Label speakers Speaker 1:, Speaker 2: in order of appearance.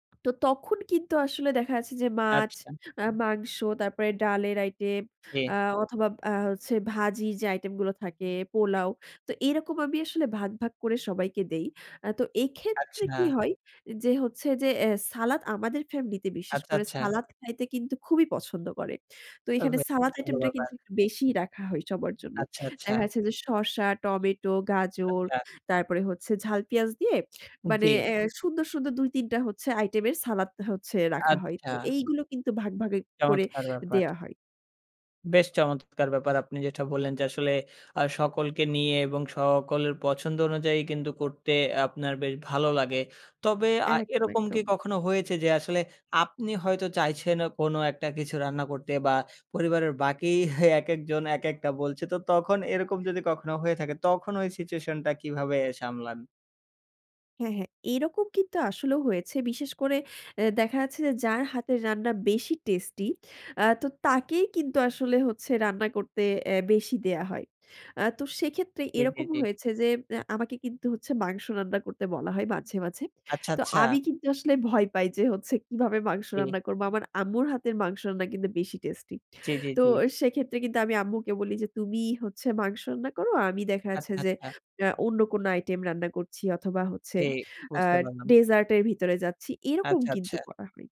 Speaker 1: তো তখন কিন্তু আসলে দেখা যাচ্ছে যে মাছ,
Speaker 2: আচ্ছা।
Speaker 1: আ মাংস, তারপরে ডালের আইটেম
Speaker 2: হে
Speaker 1: আ অথবা আ হচ্ছে ভাজির যে আইটেম গুলো থাকে, পোলাও। তো এরকম আমি আসলে ভাগ, ভাগ, করে সবাইকে দেই। আ তো এক্ষেত্রে
Speaker 2: আচ্ছা।
Speaker 1: কি হয় যে হচ্ছে যে এ সালাদ আমাদের ফ্যামিলি তে বিশেষ
Speaker 2: আচ্ছা,
Speaker 1: করে
Speaker 2: আচ্ছা।
Speaker 1: সালাদ খাইতে কিন্তু খুবই পছন্দ করে। তো এখানে সালাদ
Speaker 2: [unintelligible] ভালো
Speaker 1: আইটেম টা
Speaker 2: ব্যাপার।
Speaker 1: কিন্তু একটু বেশিই রাখা হয় সবার জন্য।
Speaker 2: আচ্ছা,
Speaker 1: দেখা
Speaker 2: আচ্ছা।
Speaker 1: গেছে যে শসা, টমেটো, গাজর,
Speaker 2: আচ্ছা।
Speaker 1: তারপরে হচ্ছে ঝাল পিঁয়াজ দিয়ে মানে
Speaker 2: জি।
Speaker 1: এ্যা সুন্দর, সুন্দর, ২-৩ টা হচ্ছে আইটেম এর সালাদ হচ্ছে রাখা হয়।
Speaker 2: আচ্ছা।
Speaker 1: তো এইগুলো কিন্তু ভাগ, ভাগে, করে
Speaker 2: চমৎকার ব্যাপার।
Speaker 1: দেয়া হয়।
Speaker 2: বেশ চমৎকার ব্যাপার আপনি যেটা বললেন যে আসলে আ সকলকে নিয়ে এবং সকলের পছন্দ অনুযায়ী কিন্তু করতে আপনার বেশ ভালো লাগে। তবে আ
Speaker 1: একদম,
Speaker 2: এরকম কি
Speaker 1: একদম।
Speaker 2: কখনো হয়েছে যে আসলে আপনি হয়তো চাইছেন কোন একটা কিছু রান্না করতে বা পরিবারের বাকি একেকজন একেকটা বলছে তো তখন এরকম যদি কখনো হয়ে থাকে তখন ওই সিচুয়েশন টা কীভাবে সামলান?
Speaker 1: হ্যাঁ, হ্যাঁ এরকম কিন্তু আসলেও হয়েছে। বিশেষ করে এ্যা দেখা যাচ্ছে যে যার হাতের রান্না বেশি টেস্টি আ তো তাকেই কিন্তু আসলে হচ্ছে রান্না করতে এ্যা বেশি দেয়া হয়। আ তো সেক্ষেত্রে
Speaker 2: জি, জি,
Speaker 1: এরকম
Speaker 2: জি।
Speaker 1: হয়েছে যে এ্যা আমাকে কিন্তু হচ্ছে মাংস রান্না করতে বলা হয় মাঝে, মাঝে।
Speaker 2: আচ্ছা,
Speaker 1: তো
Speaker 2: আচ্ছা।
Speaker 1: আমি কিন্তু আসলে ভয় পাই যে হচ্ছে কিভাবে মাংস
Speaker 2: জি।
Speaker 1: রান্না করব। আমার আম্মুর হাতের মাংস রান্না কিন্তু বেশি টেস্টি।
Speaker 2: জি, জি,
Speaker 1: তো
Speaker 2: জি।
Speaker 1: সেক্ষেত্রে কিন্তু আমি আম্মুকে বলি যে তুমি হচ্ছে মাংস রান্না করো। আমি দেখা যাচ্ছে
Speaker 2: আচ্ছা,
Speaker 1: যে
Speaker 2: আচ্ছা।
Speaker 1: আ অন্য কোন আইটেম রান্না করছি অথবা হচ্ছে
Speaker 2: ঠিক
Speaker 1: আ
Speaker 2: বুঝতে পারলাম।
Speaker 1: ডেজার্ট এর ভিতরে যাচ্ছি। এরকম
Speaker 2: আচ্ছা,
Speaker 1: কিন্তু
Speaker 2: আচ্ছা।
Speaker 1: করা হয়।